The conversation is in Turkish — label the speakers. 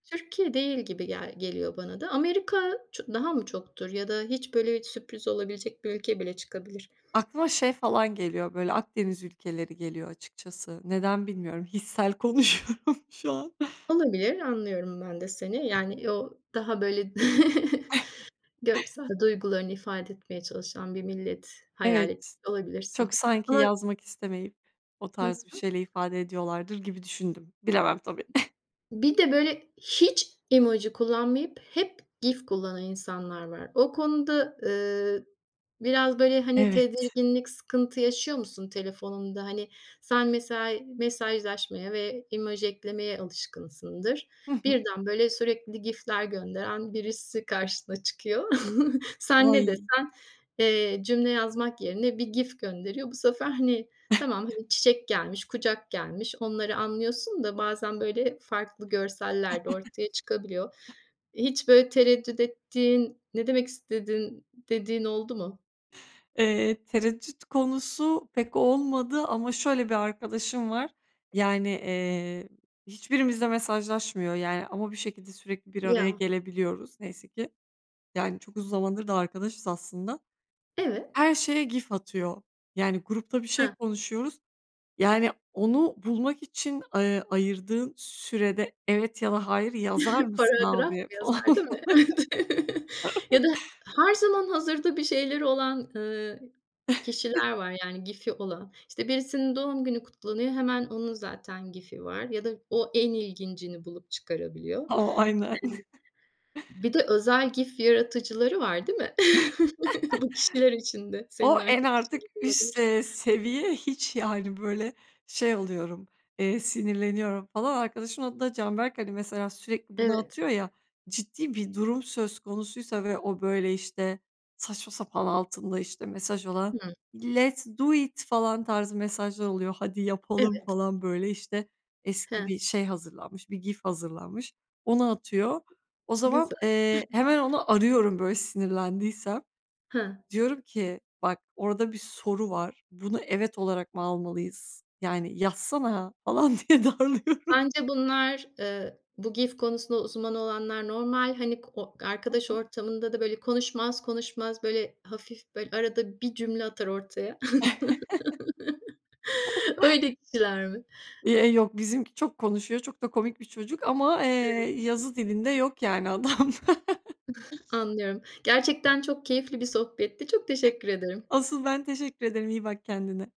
Speaker 1: Türkiye değil gibi gel geliyor bana da. Amerika ço daha mı çoktur ya da hiç böyle bir sürpriz olabilecek bir ülke bile çıkabilir.
Speaker 2: Aklıma şey falan geliyor, böyle Akdeniz ülkeleri geliyor açıkçası. Neden bilmiyorum, hissel konuşuyorum şu an.
Speaker 1: Olabilir, anlıyorum ben de seni yani yo daha böyle görsel duygularını ifade etmeye çalışan bir millet hayal etmiş
Speaker 2: Evet,
Speaker 1: olabilirsin
Speaker 2: çok sanki
Speaker 1: ama
Speaker 2: yazmak istemeyip o
Speaker 1: Hı
Speaker 2: tarz bir
Speaker 1: hı.
Speaker 2: şeyler ifade ediyorlardır gibi düşündüm. Bilemem tabii.
Speaker 1: Hı hı. Bir de böyle hiç emoji kullanmayıp hep GIF kullanan insanlar var. O konuda, eee, biraz böyle hani
Speaker 2: Evet.
Speaker 1: tedirginlik sıkıntı yaşıyor musun? Telefonunda hani, sen mesela mesajlaşmaya ve emoji eklemeye alışkınsındır.
Speaker 2: Hı hı.
Speaker 1: Birden böyle sürekli GIF'ler gönderen birisi karşına çıkıyor. Sen ne
Speaker 2: Oy.
Speaker 1: desen, eee, cümle yazmak yerine bir GIF gönderiyor. Bu sefer hani, tamam hani, çiçek gelmiş, kucak gelmiş, onları anlıyorsun da bazen böyle farklı görseller de ortaya çıkabiliyor. Hiç böyle tereddüt ettiğin, "ne demek istedin" dediğin oldu mu?
Speaker 2: Eee, tereddüt konusu pek olmadı ama şöyle bir arkadaşım var. Yani, eee, hiçbirimizle mesajlaşmıyor. Yani, ama bir şekilde sürekli bir araya
Speaker 1: Ya.
Speaker 2: gelebiliyoruz. Neyse ki. Yani çok uzun zamandır da arkadaşız aslında.
Speaker 1: Evet.
Speaker 2: Her şeye GIF atıyor. Yani grupta bir şey
Speaker 1: He.
Speaker 2: konuşuyoruz. Yani onu bulmak için, eee, ayırdığın sürede evet ya da hayır yazar mısın
Speaker 1: Paragraf
Speaker 2: abi falan.
Speaker 1: yazar değil mi? Evet. Ya da her zaman hazırda bir şeyleri olan, eee, kişiler var yani GIF'i olan işte birisinin doğum günü kutlanıyor, hemen onun zaten GIF'i var ya da o en ilgincini bulup çıkarabiliyor. Eee,
Speaker 2: O aynen.
Speaker 1: bir de özel GIF yaratıcıları var değil mi? Bu kişiler için de senin
Speaker 2: O en
Speaker 1: arkadaşın
Speaker 2: artık
Speaker 1: gibi
Speaker 2: üst,
Speaker 1: olabilir.
Speaker 2: eee, seviye hiç yani böyle şey oluyorum, eee, sinirleniyorum falan. Arkadaşımın adı da Canberk hani mesela sürekli bunu
Speaker 1: Evet.
Speaker 2: atıyor ya, ciddi bir durum söz konusuysa ve o böyle işte saçma sapan altında işte mesaj olan,
Speaker 1: Hıı.
Speaker 2: let's do it! Falan tarzı mesajlar oluyor. Hadi yapalım
Speaker 1: Evet.
Speaker 2: falan, böyle, işte eski
Speaker 1: He.
Speaker 2: bir şey hazırlanmış, bir GIF hazırlanmış, onu atıyor. O zaman,
Speaker 1: Güzel.
Speaker 2: eee, hemen onu arıyorum böyle sinirlendiysem.
Speaker 1: He.
Speaker 2: Diyorum ki bak orada bir soru var. Bunu evet olarak mı almalıyız? Yani yazsana falan diye darılıyorum.
Speaker 1: Sence bunlar, eee, bu GIF konusunda uzman olanlar normal hani ko o
Speaker 2: Hı
Speaker 1: arkadaş
Speaker 2: hı.
Speaker 1: ortamında da böyle konuşmaz konuşmaz, böyle, hafif böyle arada bir cümle atar ortaya. Öyle kişiler mi?
Speaker 2: İ eee yok bizimki çok konuşuyor, çok da komik bir çocuk ama, eee,
Speaker 1: Evet.
Speaker 2: yazı dilinde yok yani adamda.
Speaker 1: Anlıyorum. Gerçekten çok keyifli bir sohbetti. Çok teşekkür ederim.
Speaker 2: Asıl ben teşekkür ederim, iyi bak kendine.